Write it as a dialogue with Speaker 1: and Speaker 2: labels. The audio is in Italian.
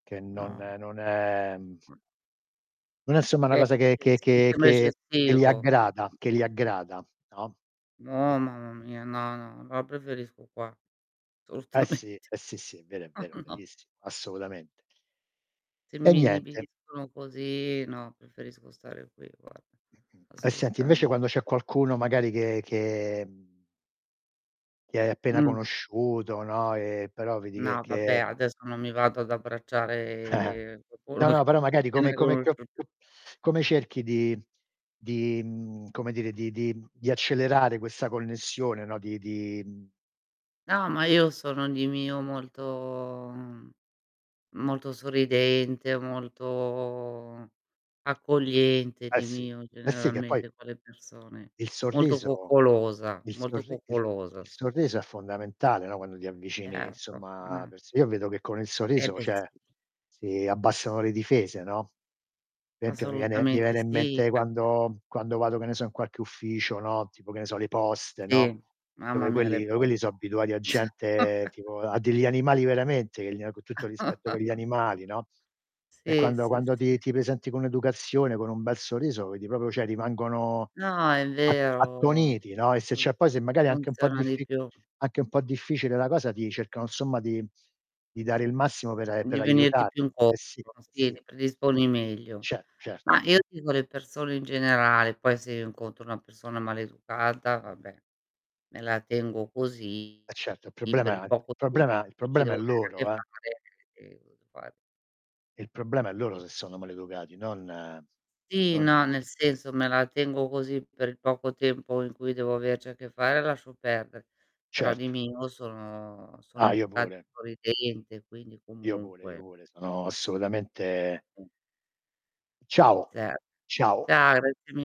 Speaker 1: Che non
Speaker 2: No.
Speaker 1: non è, mhmm
Speaker 2: Mh.
Speaker 1: non è, insomma, una
Speaker 2: È
Speaker 1: cosa che che
Speaker 2: eccessi
Speaker 1: che
Speaker 2: quello è
Speaker 1: che li
Speaker 2: eccessivo.
Speaker 1: aggrada
Speaker 2: Mh.
Speaker 1: che li aggrada, no, e
Speaker 2: No, mamma mia. No, no. No preferisco qua,
Speaker 1: Eh, sì.
Speaker 2: assolutamente
Speaker 1: Eh, sì, sì, è vero, vero,
Speaker 2: No.
Speaker 1: verissimo, assolutamente.
Speaker 2: Se
Speaker 1: E
Speaker 2: mi
Speaker 1: niente.
Speaker 2: inibiscono così, no preferisco stare qui, guarda,
Speaker 1: Mh-mh. E, senti invece quando
Speaker 2: assolutamente.
Speaker 1: c'è qualcuno magari che che, mhmm che hai appena
Speaker 2: Mh.
Speaker 1: conosciuto, no, e però vedi che
Speaker 2: No, vabbè,
Speaker 1: che
Speaker 2: adesso non mi vado ad abbracciare
Speaker 1: No,
Speaker 2: qualcuno che
Speaker 1: no, però magari
Speaker 2: che
Speaker 1: come come co
Speaker 2: [unintelligible]
Speaker 1: co come cerchi di di mhmm, come dire di di di accelerare questa connessione, no, di di, mhmm
Speaker 2: No, ma io sono di mio molto mhmm, molto sorridente, molto accogliente
Speaker 1: Eh,
Speaker 2: di
Speaker 1: sì.
Speaker 2: mio,
Speaker 1: Eh, sì che poi
Speaker 2: generalmente con le persone.
Speaker 1: il
Speaker 2: Molto
Speaker 1: sorriso
Speaker 2: coccolosa,
Speaker 1: il
Speaker 2: molto
Speaker 1: sorri il
Speaker 2: coccolosa
Speaker 1: il
Speaker 2: sono.
Speaker 1: sorriso è fondamentale, no, quando ti avvicini,
Speaker 2: Erto.
Speaker 1: insomma, a
Speaker 2: [unintelligible]
Speaker 1: perso Io vedo che con il
Speaker 2: Eh,
Speaker 1: sorriso,
Speaker 2: beh sì.
Speaker 1: cioè, si abbassano le difese, no, per esempio mi viene mi
Speaker 2: Assolutamente
Speaker 1: viene in
Speaker 2: sì,
Speaker 1: mente
Speaker 2: perché
Speaker 1: quando mhmm, quando vado che ne so in qualche ufficio, no, tipo che ne so le poste, no,
Speaker 2: Sì, mamma
Speaker 1: dove
Speaker 2: mia
Speaker 1: quelli
Speaker 2: le
Speaker 1: dove quelli so'
Speaker 2: poste.
Speaker 1: abituati a gente tipo a degli animali veramente, che gli ha co' tutto il rispetto per gli animali, no, e
Speaker 2: Sì,
Speaker 1: quando
Speaker 2: sì,
Speaker 1: quando
Speaker 2: sì.
Speaker 1: ti ti presenti con educazione, con un bel sorriso, vedi proprio cioè, rimangono
Speaker 2: No è
Speaker 1: a
Speaker 2: vero,
Speaker 1: attoniti, no, e se
Speaker 2: fun
Speaker 1: c'è poi se magari è anche un po'
Speaker 2: funziona di
Speaker 1: diffi
Speaker 2: più.
Speaker 1: anche un po' difficile la cosa ti cercano, insomma, di di dare il massimo per a
Speaker 2: Di
Speaker 1: per
Speaker 2: venirti più
Speaker 1: aiutarti. Eh,
Speaker 2: incontro,
Speaker 1: sì. Eh,
Speaker 2: sì
Speaker 1: sì.
Speaker 2: li predisponi meglio.
Speaker 1: Ce certo.
Speaker 2: Ma io dico le persone in generale, poi se io incontro una persona maleducata, vabbè, me la tengo così,
Speaker 1: Eh, certo, il
Speaker 2: per il
Speaker 1: problema il
Speaker 2: poco tempo
Speaker 1: problema il
Speaker 2: che ci
Speaker 1: problema
Speaker 2: devo
Speaker 1: è
Speaker 2: avere a che
Speaker 1: loro, eh.
Speaker 2: fare, e [unintelligible]
Speaker 1: Il problema è loro se sono maleducati, non
Speaker 2: Sì,
Speaker 1: non i
Speaker 2: no, nel senso me la tengo così per il poco tempo in cui devo averci a che fare lascio perdere, però di
Speaker 1: Certo.
Speaker 2: mio sono sono
Speaker 1: Ah, io
Speaker 2: educata e
Speaker 1: pure.
Speaker 2: sorridente, quindi,
Speaker 1: Io pure, io
Speaker 2: comunque
Speaker 1: pure, sono assolutamente
Speaker 2: Mh.
Speaker 1: Ciao,
Speaker 2: Cer
Speaker 1: ciao.
Speaker 2: Ciao, grazie mi